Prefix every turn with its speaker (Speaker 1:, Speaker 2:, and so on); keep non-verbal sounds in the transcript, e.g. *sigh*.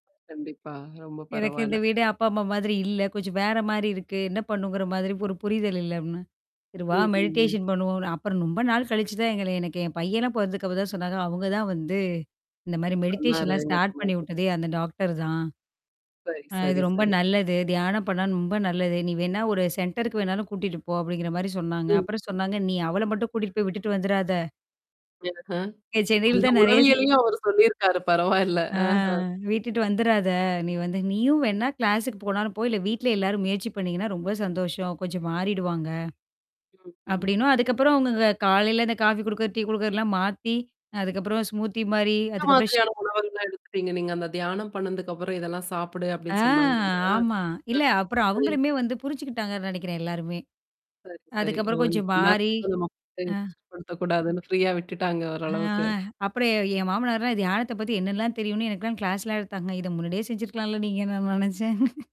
Speaker 1: கண்டிப்பா. ரொம்ப
Speaker 2: எனக்கு
Speaker 1: பரவால.
Speaker 2: இந்த வீடு அப்பா அம்மா மாதிரி இல்ல. கொஞ்சம் வேற மாரி இருக்கு. என்ன பண்ணுங்கிற மாரி ஒரு புரிதல் இல்ல அப்படின்னா, "சரி வா
Speaker 1: ம்ஹ்ம்.
Speaker 2: மெடிடேஷன் பண்ணுவோம்." அப்புறம் ரொம்ப நாள் கழிச்சு தான் எங்கள எனக்கு என் பையன பொறந்துக்கப்புறம் தான் சொன்னாங்க. அவங்க தான் வந்து இந்த மாரி மெடிடேஷன்லாம் ஸ்டார்ட் பண்ணி
Speaker 1: *unintelligible*
Speaker 2: விட்டதே அந்த டாக்டர் தான்.
Speaker 1: சரி,
Speaker 2: அ இது
Speaker 1: சரி,
Speaker 2: ரொம்ப
Speaker 1: சரி.
Speaker 2: நல்லது. தியானம் பண்ணாலும் ரொம்ப நல்லது. "நீ வேணா ஒரு சென்டருக்கு வேணாலும் கூட்டிட்டு போ" அப்படிங்கிற மாரி சொன்னாங்க.
Speaker 1: ம்.
Speaker 2: அப்புறம் சொன்னாங்க நீ அவள மட்டும் கூட்டிட்டு போய் விட்டுட்டு வந்துராத.
Speaker 1: *unintelligible*
Speaker 2: இங்க சென்னையில
Speaker 1: அந்த
Speaker 2: தான் நெறைய ச
Speaker 1: உளவியலயும் அவர் சொல்லியிருக்காரு பரவால்ல.
Speaker 2: ஆ
Speaker 1: அஹ.
Speaker 2: விட்டுட்டு வந்துறாத. நீ வந்து நீயும் வேணா கிளாஸ்க்கு போனாலும் போ, இல்ல வீட்ல எல்லாரும் முயற்சி பண்ணீங்கன்னா ரொம்ப சந்தோஷம். கொஞ்சம் மாறிடுவாங்க.
Speaker 1: ம்ஹம்.
Speaker 2: அப்டின்னும். அதுக்கப்புறம் அவங்கங்க காலையில இந்த காஃபி குடுக்கறது, டீ குடுக்குறதல்லாம் மாத்தி, அதுக்கப்புறம் ஸ்மூதி மாரி,
Speaker 1: எந்த
Speaker 2: அதுக்கப்புறம்
Speaker 1: மாதிரியான உணவுகள்லாம் எடுத்துட்டீங்க நீங்க அந்த தியானம் பண்ணதுக்கப்புறம் இதெல்லாம் சாப்பிடு
Speaker 2: ஆ!
Speaker 1: அப்படின்னு சொன்னாங்க இல்லையா?
Speaker 2: ஆமா. இல்ல
Speaker 1: ம்.
Speaker 2: அப்புறம்
Speaker 1: *unintelligible*
Speaker 2: அவங்களுமே வந்து புரிச்சுக்கிட்டாங்கன்னு நினைக்கிறேன் எல்லாருமே.
Speaker 1: சரி, சரி. ஓ!
Speaker 2: அதுக்கப்புறம் கொஞ்சம்
Speaker 1: இந்த
Speaker 2: மாறி. அ.
Speaker 1: *unintelligible* ஃப்ரீயா விட்டுட்டாங்க
Speaker 2: அ.
Speaker 1: ஓரளவுக்கு.
Speaker 2: அப்புறம் என் மாமனார்லாம் தியானத்த பத்தி என்னலாம் தெரியும்னு எனக்குலாம் கிளாஸ்லாம் எடுத்தாங்க. இத முன்னாடியே செஞ்சிருக்கலாம்ல நீங்கன்னு நான் நெனச்சே.